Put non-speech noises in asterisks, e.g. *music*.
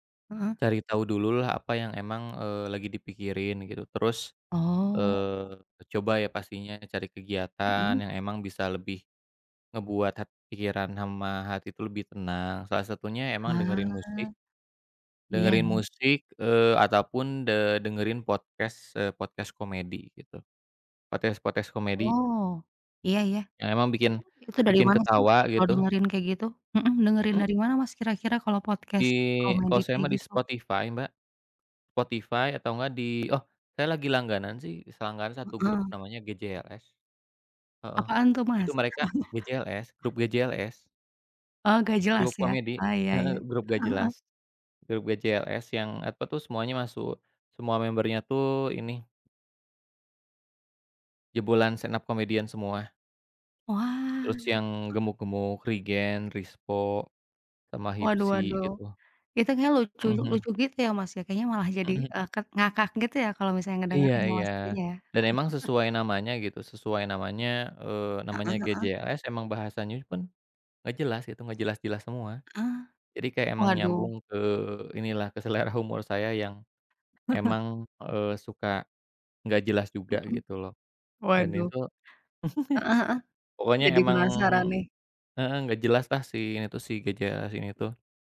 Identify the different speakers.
Speaker 1: Heeh.
Speaker 2: Cari tau dulu lah apa yang emang, eee, lagi dipikirin gitu terus,
Speaker 1: Oh.
Speaker 2: eee, coba ya pastinya cari kegiatan
Speaker 1: Mhm.
Speaker 2: yang emang bisa lebih ngebuat hat pikiran sama hati itu lebih tenang salah satunya emang dengerin musik.
Speaker 1: Ah, Iya
Speaker 2: Dengerin
Speaker 1: iya.
Speaker 2: musik, eee, ataupun, de dengerin podcast eee, podcast komedi gitu. Podcast-podcast komedi
Speaker 1: Oh, iya iya.
Speaker 2: yang emang
Speaker 1: Itu
Speaker 2: bikin
Speaker 1: itu dari
Speaker 2: bikin
Speaker 1: mana sih
Speaker 2: ketawa
Speaker 1: kalo
Speaker 2: gitu.
Speaker 1: dengerin kayak gitu? Mhm, dengerin
Speaker 2: Mhm.
Speaker 1: dari mana, Mas, kira-kira kalo
Speaker 2: Di
Speaker 1: podcast komedi
Speaker 2: kalo saya
Speaker 1: kayak
Speaker 2: mah di
Speaker 1: gitu?
Speaker 2: Spotify, Mbak. Spotify atau nggak di oh saya lagi langganan sih, selangganan satu grup
Speaker 1: Heeh.
Speaker 2: namanya GJLS. Heeh,
Speaker 1: Apaan tuh,
Speaker 2: itu
Speaker 1: Mas?
Speaker 2: mereka
Speaker 1: *laughs*
Speaker 2: GJLS, grup GJLS.
Speaker 1: Oh, gak jelas
Speaker 2: Grup
Speaker 1: ya?
Speaker 2: komedi,
Speaker 1: Oh, ya ya,
Speaker 2: heeh, grup nggak
Speaker 1: heeh heeh.
Speaker 2: jelas. Grup GJLS yang apa tuh semuanya masuk, semua membernya tuh ini jebolan stand-up comedian semua.
Speaker 1: Wah,
Speaker 2: Terus
Speaker 1: heeh.
Speaker 2: yang gemuk-gemuk, Rigen, Rispo sama
Speaker 1: Waduh
Speaker 2: Hipsi
Speaker 1: waduh,
Speaker 2: gitu.
Speaker 1: itu kayaknya lucu
Speaker 2: Mhm mhm.
Speaker 1: lucu gitu ya, Mas, ya? Kayaknya malah jadi,
Speaker 2: Mhm.
Speaker 1: eee, kak ngakak gitu ya kalo misalnya
Speaker 2: Iya
Speaker 1: ngedengerin ya,
Speaker 2: iya,
Speaker 1: Mas, kayaknya ya?
Speaker 2: dan emang
Speaker 1: *laughs*
Speaker 2: sesuai namanya gitu, sesuai namanya eee, namanya
Speaker 1: Heeh heeh.
Speaker 2: GJLS emang bahasanya pun gak jelas gitu, gak jelas-jelas semua.
Speaker 1: Eh,
Speaker 2: Jadi kayak emang
Speaker 1: waduh.
Speaker 2: nyambung ke inilah ke selera humor saya yang emang, eee, suka nggak jelas juga
Speaker 1: Mhm,
Speaker 2: gitu loh dan ini
Speaker 1: waduh.
Speaker 2: tuh
Speaker 1: Heeh heeh,
Speaker 2: pokoknya
Speaker 1: jadi
Speaker 2: emang,
Speaker 1: penasaran nih.
Speaker 2: heeh, gak jelaslah si ini tuh si GJLS ini tuh.